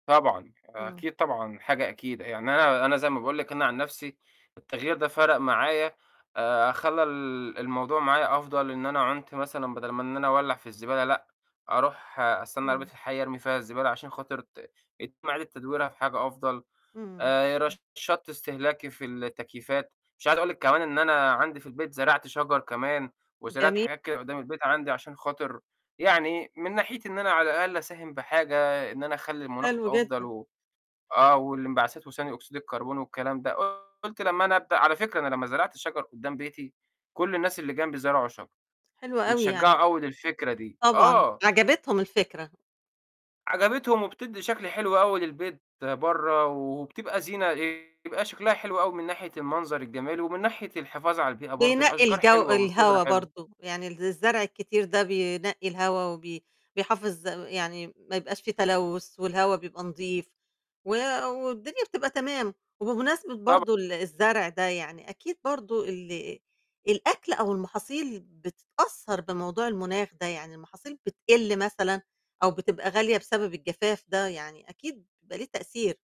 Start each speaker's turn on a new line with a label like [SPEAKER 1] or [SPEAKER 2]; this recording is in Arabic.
[SPEAKER 1] طبعًا،
[SPEAKER 2] إمم
[SPEAKER 1] أكيد طبعًا، حاجة أكيدة. يعني أنا أنا زَي ما باقول لِك، أنا عن نفسي التغيّر ده فَرَق معايا، آآ خلّى ال الموضوع معايا أفضل، إن أنا عُنت مثلًا بَدَل ما إن أنا أولّع في الزبالة، لأ، أروح أستنّى عربية
[SPEAKER 2] إمم.
[SPEAKER 1] الحَي أرمي فيها الزبالة، عشان خاطر ت يتم إعادة تدويرها في حاجة أفضل،
[SPEAKER 2] إمم.
[SPEAKER 1] آآ رشّدت استهلاكي في التكييفات، مش عايزة أقول لِك كمان إن أنا عندي في البيت زرعت شجر كمان، وزرعت
[SPEAKER 2] جمي
[SPEAKER 1] حاجات كده قُدّام البيت عندي عشان خاطر يعني من ناحيتي إن أنا على الأقل أساهم بحاجة، إن أنا أخلّي المناخ
[SPEAKER 2] حلو
[SPEAKER 1] أفضل
[SPEAKER 2] جدًا.
[SPEAKER 1] و آه، واللإنبعثات وثاني أوكسيد الكربون، والكلام ده، قُلت لمّا أنا أبدأ على فكرة أنا لمّا زرعت الشجر قُدّام بيتي، كلّ الناس اللي جَنبي زرعوا شجر،
[SPEAKER 2] حلو أوي، يعني
[SPEAKER 1] واتشجّعوا أوي للفكرة دي.
[SPEAKER 2] طبعًا،
[SPEAKER 1] آه.
[SPEAKER 2] عجبتهم الفكرة.
[SPEAKER 1] عجبتهم وبتدّي شكل حلو أوي للبيت برّا، وبتبقى زينة إيه، يبقى شكلها حلو أوي، من ناحية المنظر الجميل، ومن ناحية الحفاظ على البيئة برضه،
[SPEAKER 2] بينقّي
[SPEAKER 1] الأشجار
[SPEAKER 2] الجَو
[SPEAKER 1] حلوة والخُضرة
[SPEAKER 2] الهوا
[SPEAKER 1] حلوة.
[SPEAKER 2] برضه، يعني ال الزرع الكتير ده بينقّي الهوا، وبي بيحافظ يعني ما يبقاش في تلوث، والهوا بيبقى نضيف، و والدنيا بتبقى تمام، وبمناسبة
[SPEAKER 1] طبع
[SPEAKER 2] برضه ال الزرع ده، يعني أكيد برضه ال الأكل أو المحاصيل بتتأثّر بموضوع المناخ ده، يعني المحاصيل بتقِل مثلًا أو بتبقى غالية، بسبب الجفاف ده يعني أكيد بيبقى ليه تأثير.